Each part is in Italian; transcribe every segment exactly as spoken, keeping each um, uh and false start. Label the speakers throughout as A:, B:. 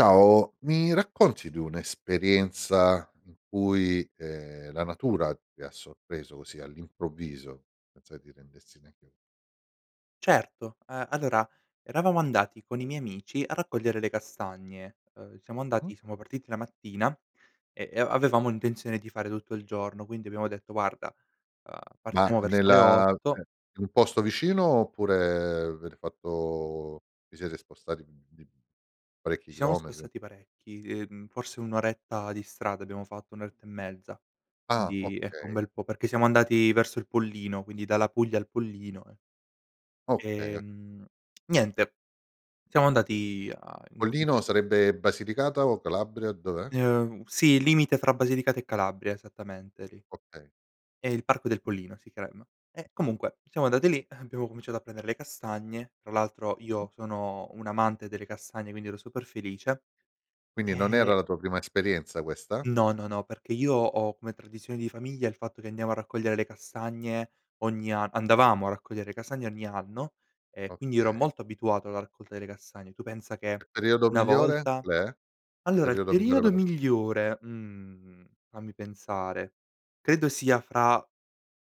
A: Ciao, mi racconti di un'esperienza in cui, ehm, la natura ti ha sorpreso così all'improvviso? Senza che ti rendessi neanche
B: Certo, ehm, allora eravamo andati con i miei amici a raccogliere le castagne, ehm, siamo
A: Mh.
B: andati siamo partiti la mattina, e e a avevamo intenzione di fare tutto il giorno, quindi abbiamo detto: "Guarda, ehm,
A: Ma
B: partiamo verso le
A: nella
B: otto"
A: ceh in un posto vicino, oppure avete fatto vi siete spostati di b parecchi
B: Ci siamo
A: chilometri?
B: spostati parecchi, ehm, forse un oretta di strada abbiamo fatto, un oretta e mezza,
A: Ah,
B: di ecco, un
A: okay.
B: bel po' perché siamo andati verso il Pollino, quindi dalla Puglia al Pollino, ehm
A: Okay, o
B: ehm, niente, siamo andati a in in
A: Pollino
B: ques
A: sarebbe Basilicata o Calabria? Dov'è?
B: Ehm, sì, il limite fra Basilicata, e Calabria esattamente lì.
A: Okay.
B: È il parco del Pollino si crem e
A: Mh-mh.
B: comunque siamo andati lì, abbiamo cominciato a prender le castagne, tra l'altro io sono un amante delle castagne, quindi ero super felice
A: Quindi, non era
B: e
A: la tua prima esperienza questa?
B: No, no, no, perché io ho come tradizione di famiglia il fatto che andiamo a raccogliere le castagne ogni an andavamo a raccogliere le castagne ogni anno, e quindi ero
A: Okay.
B: molto abituato alla raccolta delle castagne. Tu pensa
A: E
B: che
A: periodo
B: una
A: migliore,
B: volta
A: qual è?
B: allora il
A: periodo migliore
B: periodo
A: per an
B: migliore, mhmm, fammi pensare, credo sia fra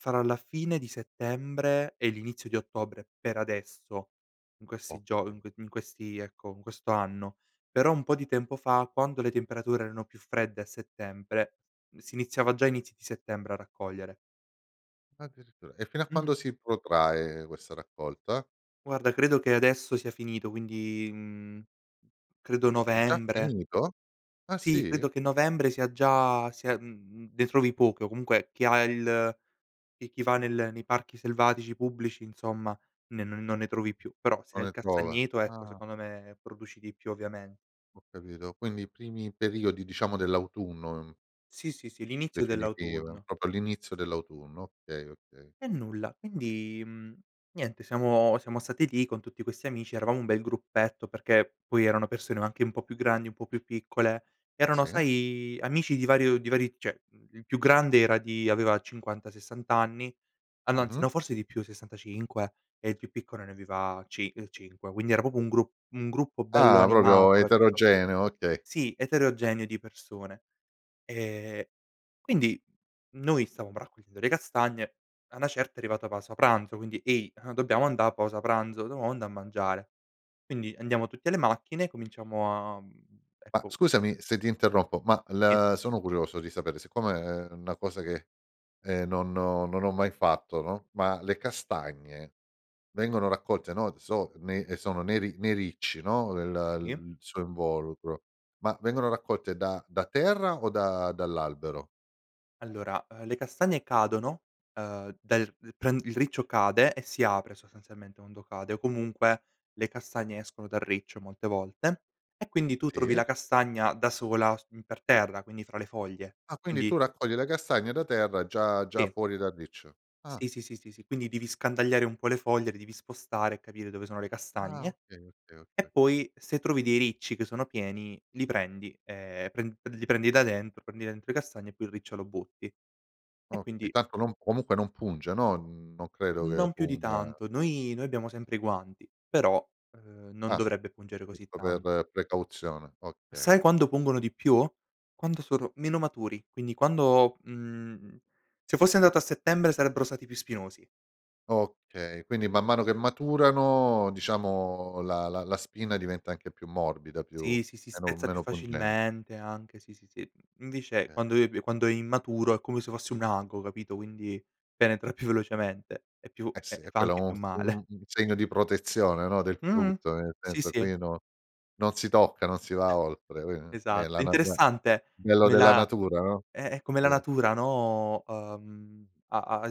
B: fra la fine di settembre e l'inizio di ottobre, per adesso in questi gio in
A: Okay.
B: q in questi ecco in questo anno, però un po' di tempo fa, quando le temperature erano più fredde a settembre, si iniziava già a inizio di settembre, a raccogliere.
A: Addirittura, e fino a quando
B: Mh-mh.
A: si potrae, questa raccolta?
B: Guarda, credo che adesso sia finito, quindi, mhmm, credo
A: È già
B: novembre.
A: finito? Ah
B: Sì,
A: sì?
B: credo che novembre, sia già sia mhmm, ne trovi poche, o comunque chi ha il e chi va nel nei parchi selvatici pubblici, insomma ne non ne trovi più, però se
A: Non
B: hai il
A: le trova,
B: castagneto, ecco
A: ah.
B: secondo me, produci di più ovviamente.
A: Ho capito, quindi i primi periodi diciamo dell'autunno, mhmm
B: Sì, sì, sì, l'inizio
A: Definitiva,
B: dell'autunno.
A: propo all'inizio dell'autunno, okay, okay.
B: E nulla, quindi, mhmm, niente siamo siamo stati lì, con tutti questi amici. Eravamo un bel gruppetto, perché poi erano persone anche un po' più grandi, un po' più piccole, erano
A: Sì.
B: sai amici di vario di vari ceh il più grande era di aveva cinquanta, sessant anni. Ah no, anzi
A: Mh-mh.
B: no, forse di più, sessantacinque, e il più piccolo ne aveva cin cinque quindi era propo un grup un gruppo bello
A: Ah, proprio
B: animato ecco.
A: eterogeneo, okay.
B: Sì eterogeneo di persone. E quindi, mhmm, noi stavamo raccogliendo le castagne, a 'na certa è arrivata pausa pranzo, quindi: "Ehi dobbiamo andà a pausa pranzo, dovamo andà a mangiare". Quindi andiamo tutte alle macchine e cominciamo a, mhmm,
A: Ma
B: ecco
A: scusami se ti interrompo, ma
B: Sì.
A: la sono curioso di sapere, siccome è una cosa che, ehm, non ho non ho mai fatto, no, ma le castagne vengono raccolte, no, so nei sono nei ri nei ricci, no, il
B: Sì.
A: il suo involucro, ma vengono raccolte da da terra, o da dall'albero?
B: Allora, ehm, le castagne cadono, ehm, dal pren il riccio cade, e si apre sostanzialmente quando cade, o comunque le castagne escono dal riccio molte volte, e quindi tu trovi
A: Sì.
B: la castagna da sola s per terra, quindi fra le foglie,
A: Ah, quindi
B: quindi
A: tu raccogli le castagne da terra, già già
B: sì.
A: fuori dal riccio, ah.
B: Sì, sì, sì, sì, sì, quindi devi scandagliare un po' le foglie, le devi spostare e capire dove sono le
A: Ah,
B: castagne,
A: okay, okay, okay,
B: e
A: okay.
B: poi se trovi dei ricci che sono pieni li prendi e pren pre li prendi da dentro prendi dentro le castagne, e poi il riccio lo butti. E
A: Okay,
B: quindi
A: tanto non comunque non punge, no, non credo che
B: Non più di
A: punga.
B: tanto. Noi noi abbiamo sempre i guanti però, ehm, non
A: Ah,
B: dovrebbe pungere così
A: giusto
B: tan
A: per precauzione, okay.
B: Sai quando pungono di più? Quando sono meno maturi, quindi quando, mhmm, se fossi andato a settembre, sarebbero stati più spinosi.
A: Okay, quindi man mano che maturano diciamo, la la la spina diventa anche più morbida, più
B: Sì, sì, si
A: meno
B: spezza più
A: meno pungente.
B: facilmente anche sì, sì, sì, invece
A: Okay.
B: quando ebe quando è immaturo, è come se fosse un ago, capito, quindi penetra più velocemente, e più
A: Eh
B: e
A: sì,
B: e
A: è
B: fa
A: quello e
B: anche
A: un
B: più
A: f
B: male.
A: un segno di protezione, no, del
B: Mh-mh,
A: frutto, nel
B: sì,
A: senso
B: sì.
A: qui non non si tocca, non si va oltre qui è la
B: Esatto.
A: na beh. Il
B: Interessante
A: bello
B: come
A: della
B: la
A: natura, no,
B: eh, eh, come la
A: sì.
B: natura no, ehm, ha ha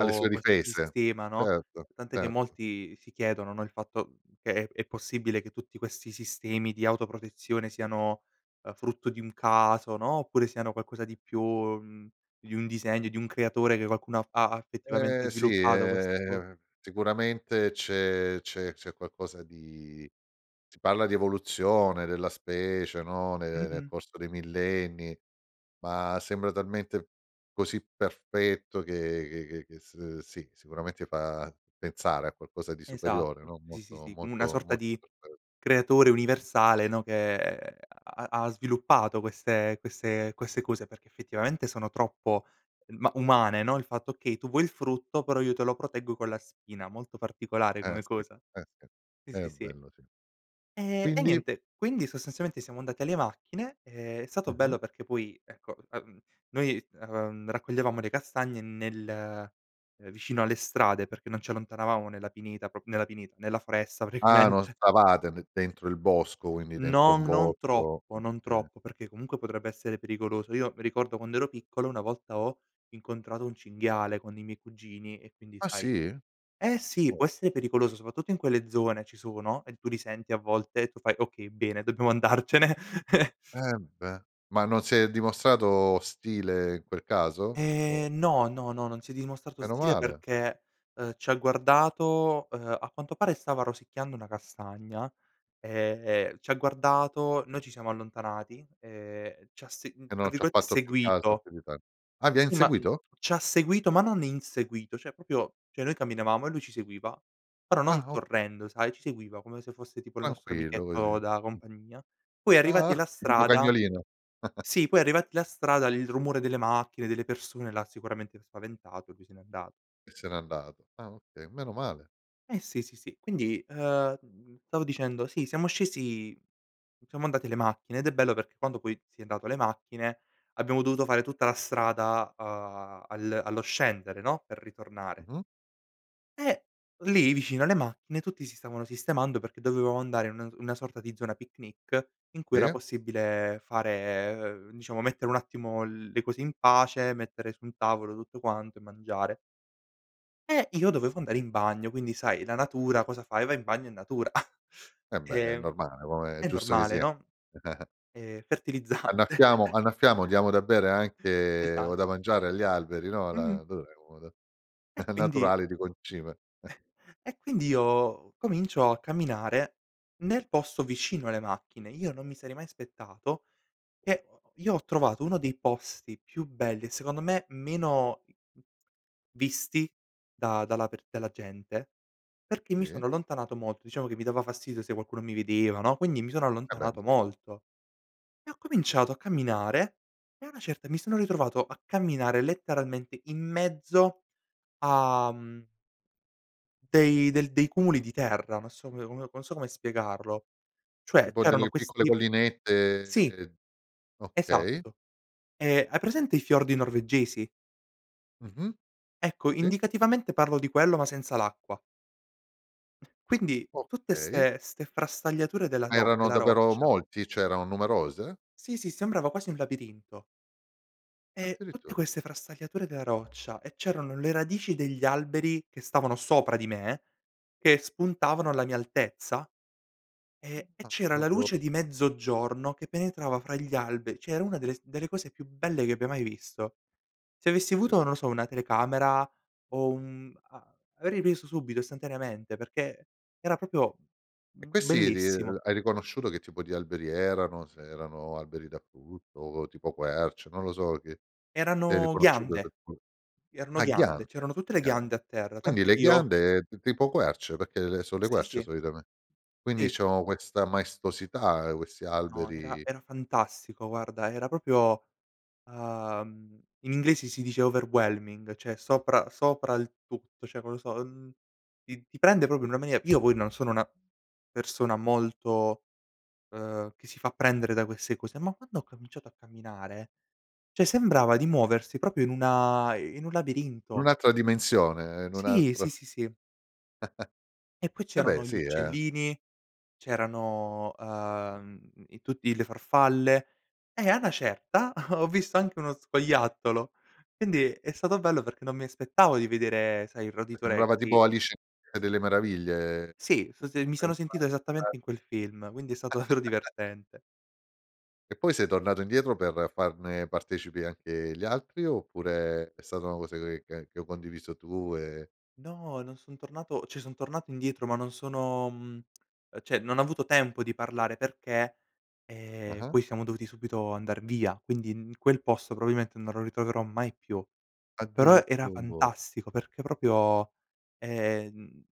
A: Ha le sue
B: questo
A: difese,
B: sistema, no,
A: certo,
B: tant'è che
A: certo.
B: molti si chiedono, no, il fatto che è è possibile che tutti questi sistemi di autoprotezione, siano, uhm, frutto di un caso, no, oppure siano qualcosa di più mhmm, di un disegno, di un creatore, che qualcuno ha fa ha effettivamente
A: Eh sì,
B: sviluppato questo
A: eh sicuramente, c'è c'è c'è qualcosa di si parla di evoluzione della specie, no, ne nel
B: Mh-mh.
A: corso dei millenni, ma sembra talmente così perfetto, che che che s sì sicuramente fa pensare a qualcosa di superiore,
B: Esatto.
A: no,
B: Sì, sì,
A: molto
B: sì. Una
A: molto
B: sorta
A: molto
B: di
A: perfetto.
B: creatore universale, no, che ha ha sviluppato queste queste queste cose, perché effettivamente sono troppo ma umane, no. Il fatto che tu vuoi il frutto, però io te lo proteggo con la spina, molto particolare
A: Eh
B: come
A: sì,
B: cosa.
A: eh sì,
B: Sì,
A: è
B: sì, sì.
A: bello sì.
B: E e,
A: Quindi?
B: niente quindi sostanzialmente siamo andati alle macchine e è stato
A: Mh-mh.
B: bello perché poi ecco, ehm, noi, ehm, raccoglievamo le castagne nel vicino alle strade perché non ci allontanavamo nella pineta, propo nella pineta, nella foresta
A: Ah non
B: praticamente
A: stavate n dentro il bosco, quindi dentro
B: No,
A: un
B: non
A: borgo,
B: troppo, non
A: okay.
B: troppo, perché comunque, potrebbe essere pericoloso. Io mi ricordo quando ero piccolo, una volta ho incontrato un cinghiale, con i miei cugini e quindi
A: Ah
B: sai
A: sì?
B: eh sì! Può
A: Oh.
B: essere pericoloso, sopatutto in quelle zone ci sono, e tu li senti a volte, e tu fai: "Okay bene dobbiamo andarcene".
A: Eh beh, ma non si è dimostrato ostile in quel caso? O
B: E no, no, no, non si è dimostrato
A: Meno
B: ostile,
A: male.
B: perché, uhm, ci ha guardato, uhm, a quanto pare stava rosicchiando una castagna, e ci ha guardato, noi ci siamo allontanati e c'ha se
A: E
B: tra
A: non ci ha
B: virgolette
A: fatto più caso,
B: "seguito".
A: più di tanto. Ah, vi ha
B: Sì, ma, mhmm,
A: inseguito?
B: c'ha seguito, ma non inseguito ceh propio ceh noi camminavamo, e lui ci seguiva, però non
A: Ah o
B: correndo sai, ci seguiva, come se fosse tipo il nostro
A: Tranquillo, così.
B: amichetto da compagnia, poi arrivati
A: Ah
B: alla
A: tipo
B: strada
A: cagnolino.
B: sì, poi arrivati alla strada, il rumore delle macchine, delle persone, l'ha sicuramente spaventato e lui se n'è andato.
A: E se n'è andato, ah okay, meno male.
B: Eh sì, sì, sì, quindi, ehm, stavo dicendo, sì siamo scesi, siamo andati le macchine, ed è bello perché quando poi si è andato le macchine, abbiamo dovuto fare tutta la strada a al allo scendere, no, per ritornare
A: Mh-mh.
B: e lì vicino alle macchine, tutti si stavano sistemando, perché dovevamo andare in una una sorta di zona picnic, in cui era
A: Sì.
B: possibile fare u diciamo mettere un attimo le cose in pace, mettere su un tavolo tutto quanto, e mangiare e io dovevo andare in bagno, quindi sai la natura, cosa fai? Va in bagno in natura,
A: Eh beh, è
B: ehm,
A: normale, come è
B: è
A: giusto che
B: normale
A: sia.
B: no, è fertilizzante.
A: Annaffiamo annaffiamo, diamo da bere anche o
B: Esa
A: da mangiare agli alberi, no, la
B: Mh-mh.
A: dov'è uno da
B: E quindi
A: naturale di concime.
B: e quindi io comincio a camminare, nel posto vicino alle macchine. Io non mi sarei mai aspettato che io ho trovato, uno dei posti più belli, e secondo me meno visti da dalla per dalla gente, perché mi
A: Sì.
B: sono allontanato molto. Diciamo, che mi dava fastidio se qualcuno mi vedeva, no, quindi mi sono
A: Eh, beh
B: allontanato
A: sì.
B: molto. E ho cominciato a camminare, e a una certa, mi sono ritrovato a camminare letteralmente in mezzo a, mhmm dei del dei cumuli di terra, non so pe non so come spiegarlo ceh
A: Tipo
B: c'erano
A: delle piccole
B: questi sì.
A: collinette, okay.
B: Esatto. E hai presente, i fiordi norvegesi?
A: Mh-mh,
B: Ecco,
A: sì.
B: indicativamente parlo di quello, ma senza l'acqua. Quindi, tutte
A: Okay.
B: 'ste 'ste frastagliature, della
A: Ma
B: ro
A: erano
B: della
A: davvero
B: roccia.
A: molti? ceh erano numerose?
B: Sì, sì, sembrava quasi un labirinto. E tutte
A: Addirittura.
B: queste frastagliature della roccia, e c'erano le radici degli alberi che stavano sopra di me, che spuntavano alla mia altezza, e e
A: Ah,
B: c'era la
A: propio
B: luce di mezzogiorno, che penetrava fra gli alberi c'è una delle s delle cose più belle che abbia mai visto. Se avessi avuto,
A: Sì.
B: non lo so, una telecamera, o un a avrei preso subito istantaneamente, perché era propio
A: E questi lì
B: bellissimo.
A: hai riconosciuto che tipo di alberi erano, se erano alberi da frutto o tipo quercia, non lo so che se hai
B: Erano
A: riconosciuto del
B: ghiande.
A: fru
B: Erano
A: ah
B: ghiande,
A: ghiande,
B: c'erano tutte le
A: ghiande.
B: ghiande a terra,
A: Quindi
B: tant'è che
A: le
B: io
A: ghiande t tipo querce, perché le so le
B: Sì,
A: querce,
B: sì.
A: solitame quindi
B: Sì.
A: c'ho questa maestosità, questi
B: No, era
A: alberi
B: era fantastico, guarda era propio uhm, in inglese si dice overwhelming ceh sopra sopra il tutto, ceh non lo so, ti ti prende propo
A: Sì.
B: una mane io poi non sono una persona molto, ehm, che si fa prendere da queste cose, ma quando ho cominciato a camminare, ceh sembrava di muoversi propio, in una in un
A: In
B: labirinto.
A: un'altra dimensione, in un
B: Sì, sì,
A: altro
B: sì, sì. E poi
A: E beh,
B: c'erano gli
A: sì eh.
B: uccellini, c'erano, ehm, i tutti le farfalle, e a 'na certa, ho visto anche uno scoiattolo, quindi è stato bello, perché non mi aspettavo di vedere, sai il roditore
A: Sembrava tipo
B: così.
A: Alice nel paese delle meraviglie,
B: Sì, so se mi
A: che è
B: sono sentito
A: entrata
B: esattamente, in quel film, quindi è stato davvero divertente.
A: E poi sei tornato indietro, per farne partecipi anche gli altri, oppure è stata una cosa che che ha che ho condiviso tu e
B: No, non son tornato, ceh son tornato indietro, ma non sono, mhmm, ceh non ho avuto tempo di parlare, perché, ehm,
A: Ah-ah.
B: poi siamo dovuti subito andar via, quindi quel posto probimente, non lo ritroverò mai più, però era
A: Addirittu
B: fantastico perché propio, ehm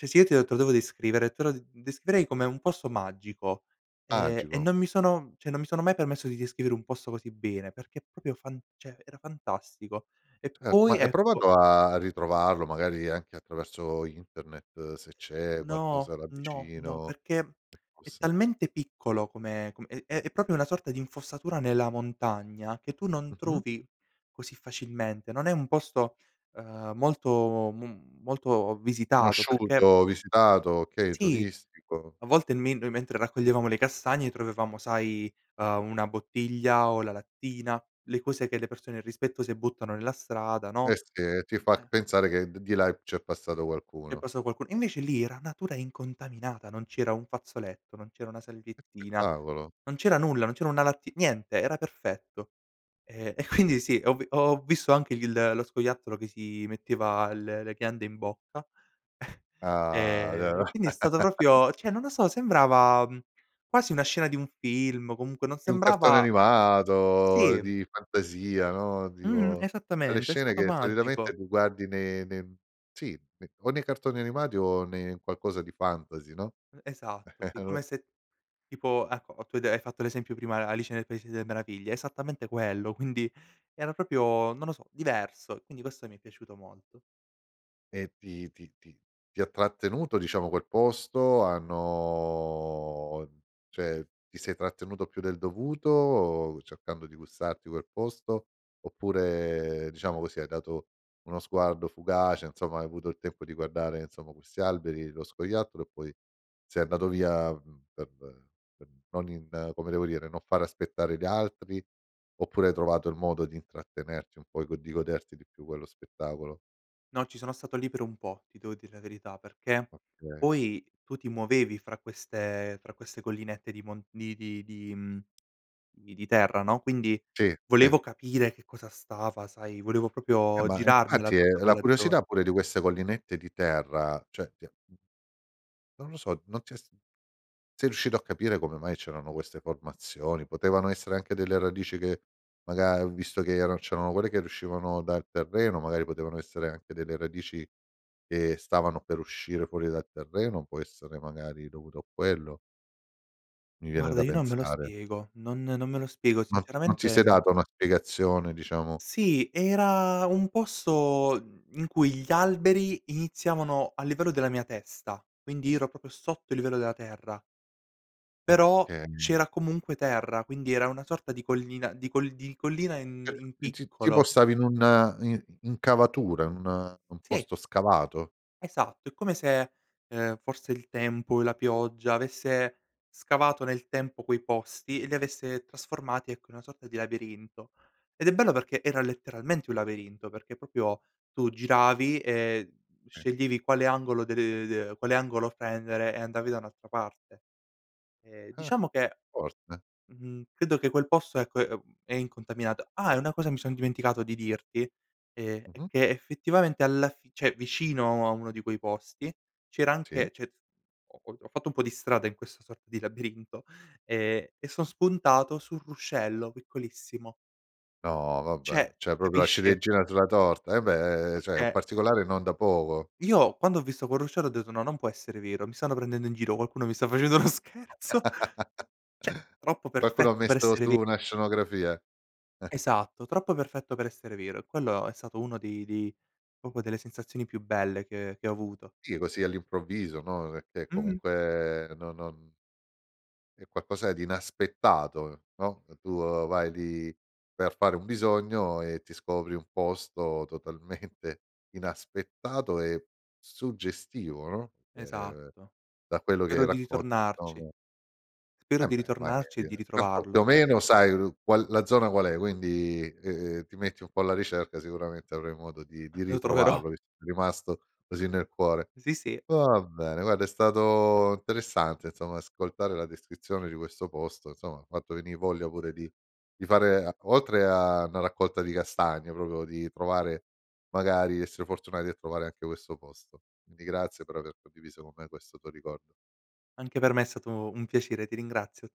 B: ceh si e te ho te lo devo descrivere te lo descriverei, come un posto magico, e e
A: Magico.
B: non mi sono ceh non mi sono mai permesso di descrivere un posto così bene, perché propio fan ceh era fantastico, e
A: Certo, ma
B: poi
A: hai
B: ecco
A: provato a ritrovarlo, magari anche attraverso internet, se c'è
B: No,
A: qualcosa là
B: no, no
A: vicino
B: perché
A: che
B: è
A: possa
B: talmente piccolo, come com è è propio una sorta di infossatura nella montagna, che tu non
A: Mh-mh.
B: trovi così facilmente. Non è un posto, ehm, molto m molto visitato perché
A: Conosciuto, visitato, okay
B: Sì,
A: turistico.
B: a volte men noi mentre raccoglievamo le castagne, trovevamo sai, ehm, una bottiglia o la lattina, le cose che le persone irrispettose buttano nella strada,
A: Eh
B: no.
A: sì e ti fac
B: Eh.
A: pensare, che d di là, c'è passato
B: È
A: qualcuno.
B: passao qualcu invece lì, era natura incontaminata. Non c'era un fazzoletto, non c'era una
A: Che
B: salviettina.
A: spettacolo.
B: Non c'era nulla, non c'era una latti niente, era perfetto. E e quindi sì, ho vi ho visto anche il lo scoiattolo che si metteva l le ghiande in bocca.
A: Ah d
B: E quindi è stato propio ceh non lo so, sembrava, mhmm, quasi una scena di un film, o comunque non
A: È un cartone
B: sembrava
A: animato
B: Sì.
A: di fantasia, no,
B: Mh-mh,
A: dico quelle
B: esattamente, è
A: scene
B: stato
A: che
B: magico.
A: solitamente li guardi ne ne sì ne o nei cartoni animati, o ne in qualcosa di fantasy, no,
B: Esatto
A: e
B: sì, come
A: allor
B: se tipo ecco o tu hai de fatto l'esempio prima de' Alice nel paese delle meraviglie, esattamente quello, quindi era propio non lo so, diverso. Quindi questo mi è piaciuto molto.
A: E ti ti ti ti ha trattenuto, diciamo, quel posto, hanno ceh ti sei trattenuto più del dovuto, cercando di gustarti quel posto, oppure diciamo così, hai dato uno sguardo fugace? nsomma, hai avuto il tempo di guardare nsomma, questi alberi, lo scoiattolo, e poi sei andato via, per per non in come devo dire, non far aspettare gli altri, oppure hai trovato il modo, di intrattenerti un po' e di goderti di più quello spettacolo?
B: No, ci sono stato li per un po', ti devo dire la verità perché
A: Okay.
B: poi tu ti muovevi fra queste fra queste collinette di mon di di di, mhmm, di di terra, no, quindi
A: Sì, sì.
B: volevo capire che cosa stava sai volevo
A: Eh
B: propio
A: ma
B: girarmela
A: infatti, è
B: tutta,
A: la
B: quella zona.
A: curiosità pure di queste collinette di terra, ceh ti ha, mhmm non lo so, non ti è s sei riuscito a capire, come mai c'erano queste formazioni? Potevano essere anche delle radici che maga visto che era c'erano quelle che riuscivano dal terreno, magari potevano essere anche delle radici che stavano per uscire fuori dal terreno, può essere magari dovuto a quello mi viene
B: Guarda,
A: da
B: io non me lo
A: pensare.
B: spiego. Non non me lo spiego.
A: Non t non ti
B: Sinceramente,
A: sei
B: mhmm
A: dato una spiegazione, diciamo?
B: Sì era un posto, mhmm, in cui gli alberi iniziavano a livello della mia testa, quindi ero propio sotto il livello della terra. Però
A: Okay.
B: c'era comunque terra, quindi era una sorta di collina, di colli di collina
A: ceh
B: in in
A: ti ti tipo
B: piccolo.
A: stavi in un in incavatura, in un un
B: Sì.
A: posto scavato?
B: Esatto. È come se, ehm, forse il tempo e la pioggia avesse scavato nel tempo quei posti, e li avesse trasformati ecco, in una sorta di labirinto. Ed è bello perché era letteralmente un labirinto, perché propio tu giravi e
A: Sì.
B: sceglievi quale angolo de le de quale angolo prendere, e andavi da un'altra parte. E
A: Ah,
B: diciamo che,
A: forte.
B: mhmm, credo che quel posto ecco è, ehm, è incontaminato. Ah e una cosa mi son dimenticato di dirti, ehm, è
A: Mh-mh.
B: che effettivamente alla fi cioè vicino a uno di quei posti, c'era
A: Sì.
B: anche c'è ho ho ho fatto un po' di strada in questa sorta di labirinto, e e son spuntato sul ruscello piccolissimo.
A: No vabbè,
B: ceh
A: ceh propo la
B: capisci?
A: ciliegina sulla torta, eh beh ceh
B: ceh,
A: un
B: ehm
A: particolare non da poco.
B: Io quando ho visto col ruscello, ho detto: "No non può essere vero, mi stanno prendendo in giro, qualcuno mi sta facendo uno scherzo. ceh troppo
A: Qualcuno, ha
B: perfetto per
A: messo
B: essere
A: su
B: ve
A: una scenografia.
B: Esatto, troppo perfetto per essere vero e quello è stato uno dei dei propo delle sensazioni più belle che che ho avuto.
A: Sì, così all'improvviso, no, pecchè
B: Mh-mh.
A: comunque no non è qualcosa di inaspettato, no, tu vai lì per fare un bisogno, e ti scopri un posto totalmente inaspettato e suggestivo, no, che
B: Esatto.
A: da quello che
B: Spero di
A: racconti
B: ritornarci.
A: abbiamo
B: Spero
A: ehm,
B: di
A: beh magari
B: ritornarci, e di
A: [unintelligible]
B: ritrovarlo.
A: più o meno sai ru qual la zona qual è, quindi, ehm, ti metti un po' alla ricerca, sicuramente avrai modo di di
B: Lo troverò.
A: ritrovarlo, visto che ti è rimasto così nel cuore.
B: Sì, sì.
A: Va bene guarda è stato interessante insomma, ascoltare la descrizione di questo posto. nsomma hai fatto venì voglia pure di di fare oltre a 'na raccolta di castagne, propio di trovare magari essere fortunati a trovare anche questo posto. indi grazie per aver condiviso con me questo tuo ricordo.
B: Anche per me è stato un piacere, ti ringrazio.